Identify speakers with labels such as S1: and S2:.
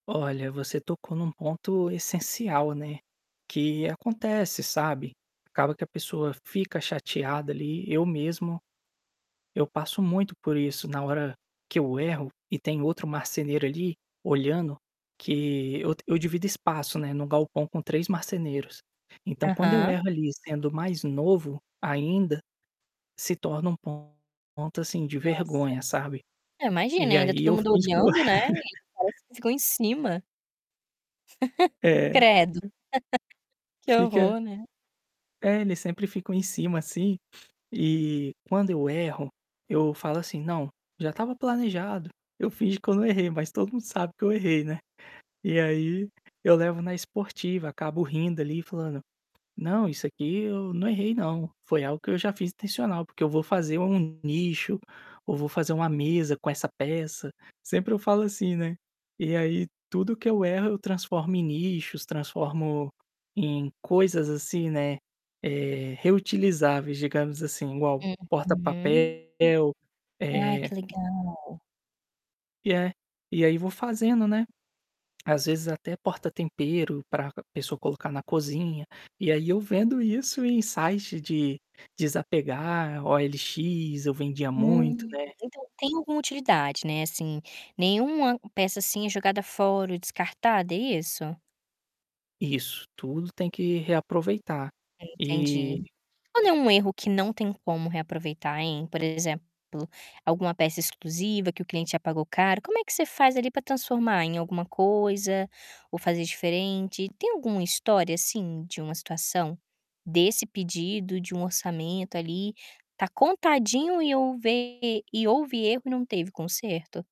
S1: Olha, você tocou em um ponto essencial, né, que acontece, sabe, acaba que a pessoa fica chateada ali. Eu mesmo, eu passo muito por isso na hora que eu erro e tem outro marceneiro ali, olhando que eu eu divido espaço, né, no galpão com 3 marceneiros. Então quando eu
S2: Aham.
S1: erro ali sendo mais novo, ainda, se torna um ponto, assim, de
S2: Nossa.
S1: vergonha, sabe?
S2: Eu imagino e
S1: E
S2: ainda
S1: aí
S2: todo
S1: eu
S2: mundo
S1: finjo que eu
S2: olhando, né, parecem que ficam em cima.
S1: É.
S2: Credo.
S1: [unintelligible]
S2: Que
S1: Fica
S2: horror, né.
S1: É, eles sempre ficam em cima, assim, e quando eu erro, eu falo assim: "Não, já estava planejado". Eu finjo que eu não errei, mas todo mundo sabe que eu errei, né. E aí, eu levo na esportiva, acabo rindo ali e falando: "Não, isso aqui eu não errei não, foi algo que eu já fiz intencional porque eu vou fazer um nicho, ou vou fazer uma mesa com essa peça", sempre eu falo assim, né. E aí tudo que eu erro eu transformo em nichos, transformo em coisas, assim, né, eh, reutilizáveis digamos, assim, igual
S2: Uhum.
S1: porta-papel
S2: Ai,
S1: eh
S2: que legal!
S1: E é, e aí vou fazendo, né, às vezes, até porta-tempero para c pessoa colocar na cozinha, e aí eu vendo isso em site de desapegar, OLX, eu vendia muito,
S2: Hum.
S1: né
S2: Então tem alguma utilidade, né, assim, nenhuma peça, assim, é jogada fora ou descartada. É isso?
S1: Isso, tudo tem que reaproveitar,
S2: Entendi.
S1: e
S2: Quando é um erro que não tem como reaproveitar, hein? Por exemplo, alguma peça exclusiva que o cliente já pagou caro, como é que você faz ali para transformar em alguma coisa, ou fazer diferente. Tem alguma história, assim, de uma situação? Desse pedido de um orçamento ali, está contadinho e houver e houve erro e não teve conserto?